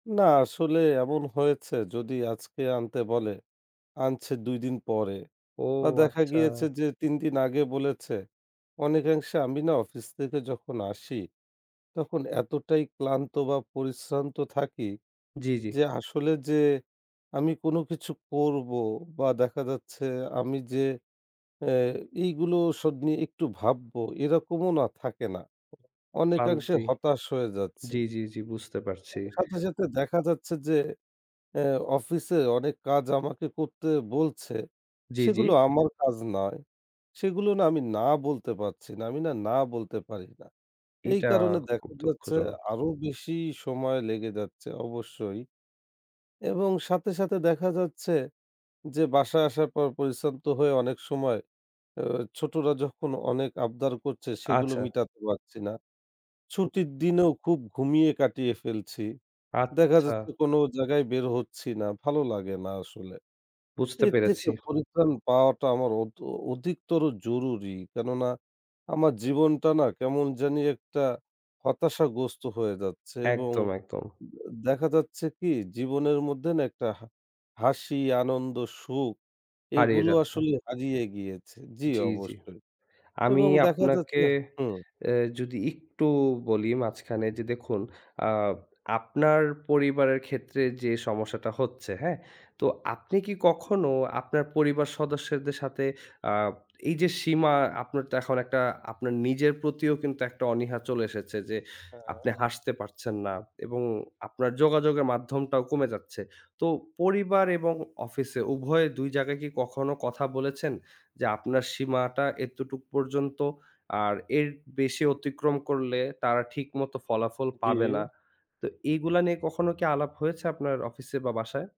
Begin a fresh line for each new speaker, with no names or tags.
না আসলে এমন হয়েছে যদি আজকে আনতে বলে, আনছে ২ দিন পরে
ও
বা দেখা
আচ্ছা।
গিয়েছে যে ৩ দিন আগে বলেছে অনেকাংশে আমি না অফিস থেকে যখন আসি, তখন এতটাই ক্লান্ত বা পরিশ্রান্ত থাকি
জি, জি।
যে আসলে যে আমি কোনো কিছু করবো বা দেখা যাচ্ছে আমি যে এ্যা এইগুলো সব নিয়ে একটু ভাববো এরকমও না থাকে না। অনেকাংশে
ক্লান্তি।
হতাশ হয়ে যাচ্ছি।
জি, জি, জি, বুঝতে পারছি।
সাথে, সাথে, দেখা যাচ্ছে যে, এ্যা অফিসে অনেক কাজ আমাকে করতে বলছে
জি, জি।
সেগুলো আমার কাজ নয়। সেগুলো না আমি না বলতে পারছি না। আমি না, না বলতে পারি না। এই
এটা
কারণে
খুব
দেখা যাচ্ছে
দুঃখজনক।
আরো বেশি সময় লেগে যাচ্ছে অবশ্যই। এবং সাথে, সাথে, দেখা যাচ্ছে যে বাসায় আসার পর পরিশ্রান্ত হয়ে অনেক সময় এ্যা ছোটোরা যখন অনেক আবদার করছে সেগুলো
আচ্ছা।
মিটাতে পারছি না। ছুটির দিনেও খুব ঘুমিয়ে কাটিয়ে ফেলছি। দেখা
আচ্ছা।
যাচ্ছে কোনো জায়গায় বের হচ্ছি না ভালো লাগে না আসলে।
বুঝতে
এর থেকে
পেরেছি।
পরিত্রাণ পাওয়াটা আমার অধ অধিকতর জরুরি। কেননা আমার জীবনটা না কেমন জানি একটা হতাশাগ্রস্ত হয়ে যাচ্ছে এবং
একদম, একদম।
দে দেখা যাচ্ছে কি জীবনের মধ্যে না একটা হা হাসি আনন্দ সুখ,
হারিয়ে
এগুলো
যাচ্ছে।
আসলে হারিয়ে গিয়েছে। জি
জি, জি।
অবশ্যই
আমি
এবং দেখা
আপনাকে
যাচ্ছে হুম
এ্যা যদি একটু বলি মাঝখানে যে, দেখুন আ আপনার পরিবারের ক্ষেত্রে যে সমস্যাটা হচ্ছে, হ্যা? তো আপনি কি কখনো আপনার পরিবার সদস্যদের সাথে আ এই যে সীমা আপনার তো এখন একটা আপনার নিজের প্রতিও কিন্তু একটা অনীহা চলে এসেছে। যে আপনি
হ্যা।
হাসতে পারছেন না এবং আপনার যোগাযোগের মাধ্যমটাও কমে যাচ্ছে। তো পরিবার এবং অফিসে উভয়ে ২ জায়গায় কি কখনো কথা বলেছেন? যে আপনার সীমাটা এতটুক পর্যন্ত আর এর বেশি অতিক্রম করলে তারা ঠিকমতো ফলাফল পাবে না।
জি।
তো এগুলা নিয়ে কখনো কি আলাপ হয়েছে আপনার অফিসে বা বাসায়?